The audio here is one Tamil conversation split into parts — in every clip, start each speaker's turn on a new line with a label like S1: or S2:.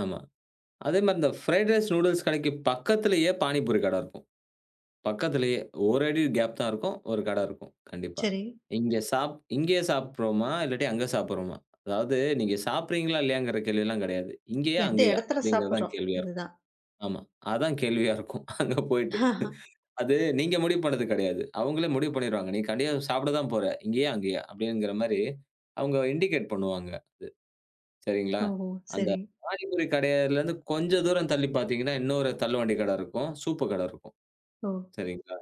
S1: ஆமா. அதே மாரி இந்த ஃபரைட் ரைஸ், நூடுல்ஸ் கடைக்கு பக்கத்திலயே, பானிபூரி கட இருக்கும். பக்கத்திலேயே, ஒரு அடி கேப் தான் இருக்கும். ஒரு கட இருக்கும். கண்டிப்பா.
S2: சரி.
S1: இங்க சாப் இங்கயே சாப்டுறோமா, இல்லாட்டி அங்க சாப்டுறோமா? அதாவது நீங்க சாப்பிட்றீங்களா இல்லையாங்கிற கேள்விலாம் கெடையாது. இங்கயா?
S2: எந்த
S1: அங்கயா?
S2: எடத்துல
S1: அப்டிங்கிறது தான்
S2: சாப்பிட்றோம்,
S1: கேள்வியா இருக்கும்.
S2: அதுதான்.
S1: ஆமா. அதான் கேள்வியா இருக்கும் அங்க போயிட்டு. அது நீங்க முடிவு பண்ணது கெடையாது. அவங்களே முடிவு பண்ணிருவாங்க. நீ கண்டிப்பா சாப்ட தான் போற. இங்கயா? அங்கயா? அப்டிங்கிற மாரி அவங்க இண்டிகேட் பண்ணுவாங்க. அது சரிங்களா?
S2: ஓஹோ!
S1: அந்த
S2: சரி.
S1: பாணிபுரி கடைலருந்து கொஞ்சம் தூரம் தள்ளி பார்த்தீங்கன்னா, இன்னொரு தள்ளுவண்டி கட இருக்கும். சூப்பு கட இருக்கும்.
S2: ஓ!
S1: சரிங்களா?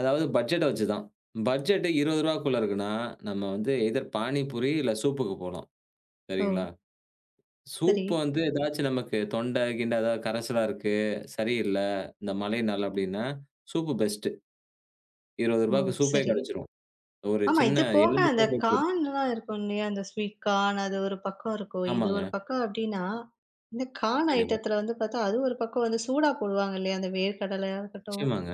S1: அதாவது பட்ஜெட்ட வச்சு தான். பட்ஜெட் 20 ரூவாக்குள்ள இருக்குனா, நம்ம வந்து எய்தர் பானிபூரி இல்ல சூப்புக்கு போலாம். சரிங்களா?
S2: ஓ! சரி.
S1: சூப் வந்து ஏதாச்சும் நமக்கு தொண்ட கிண்ட எதாவது, கரச்சலா இருக்கு, சரியில்ல. இந்த மழைனால அப்டின்னா, சூப்பு பெஸ்ட்டு. 20
S2: ஓ!
S1: ரூபாக்கு சூப்பே
S2: சரி.
S1: கெடச்சுடும். ஒரு
S2: ஆமா
S1: சின்ன
S2: இது போக
S1: எலும்பு
S2: அந்த
S1: கூட போய் போட்டு.
S2: கார்ன்லாம் இருக்கும் இல்லையா? அந்த ஸ்வீட் கார்ன், அது ஒரு பக்கம் இருக்கும். இது ஒரு
S1: ஆமாங்க.
S2: பக்கம் அப்டின்னா, இந்த கார்ன்
S1: கண்டிப்பா.
S2: ஐட்டத்துல வந்து பார்த்தா, அது ஒரு பக்கம் வந்து சூடா போடுவாங்க இல்லையா? அந்த வேர்க்கடலையா இருக்கட்டும்.
S1: நிச்சயமாங்க.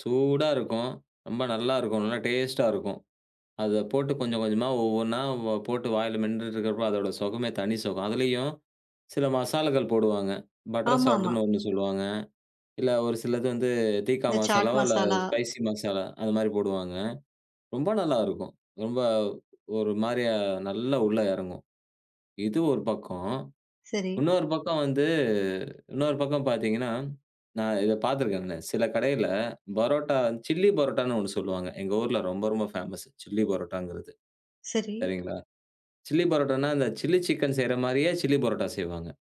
S1: சூடா இருக்கும். ரொம்ப நல்லாயிருக்கும். நல்லா டேஸ்ட்டா இருக்கும். அத போட்டு கொஞ்சம் கொஞ்சமா ஒவ்வொன்னா வ போட்டு வாயில மென்னுட்டுருக்கிறப்போ, அதோட சுகமே தனி சுகம்! அதிலேயும், சில மசாலாக்கள் போடுவாங்க. பட்டர்
S2: ஆமாமா.
S1: சால்டுன்னு ஒண்ணு சொல்லுவாங்க. இல்ல ஒரு சிலது வந்து தீக்கா
S2: இந்த சாட்
S1: மசாலாவோ இல்ல
S2: மசாலா.
S1: ஸ்பைசி மசாலா அது மாரி போடுவாங்க. ரொம்ப நல்லா இருக்கும். ரொம்ப, ஒரு மாரியா நல்லா உள்ள எறங்கும். இது ஒரு பக்கம்.
S2: சரி.
S1: இன்னொரு பக்கம் வந்து, இன்னொரு பக்கம் பார்த்தீங்கன்னா, நான் இத பார்த்திருக்கேங்க, சில கடைல பரோட்டா சில்லி பரோட்டான்னு ஒண்ணு சொல்லுவாங்க. எங்கள் ஊர்ல ரொம்ப, ரொம்ப ஃபேமஸ். சில்லி பரோட்டாங்கிறது.
S2: சரி.
S1: சரிங்களா? சில்லி பரோட்டானா, இந்த சில்லி சிக்கன் செய்ற மாரியே சில்லி பரோட்டா செய்வாங்க.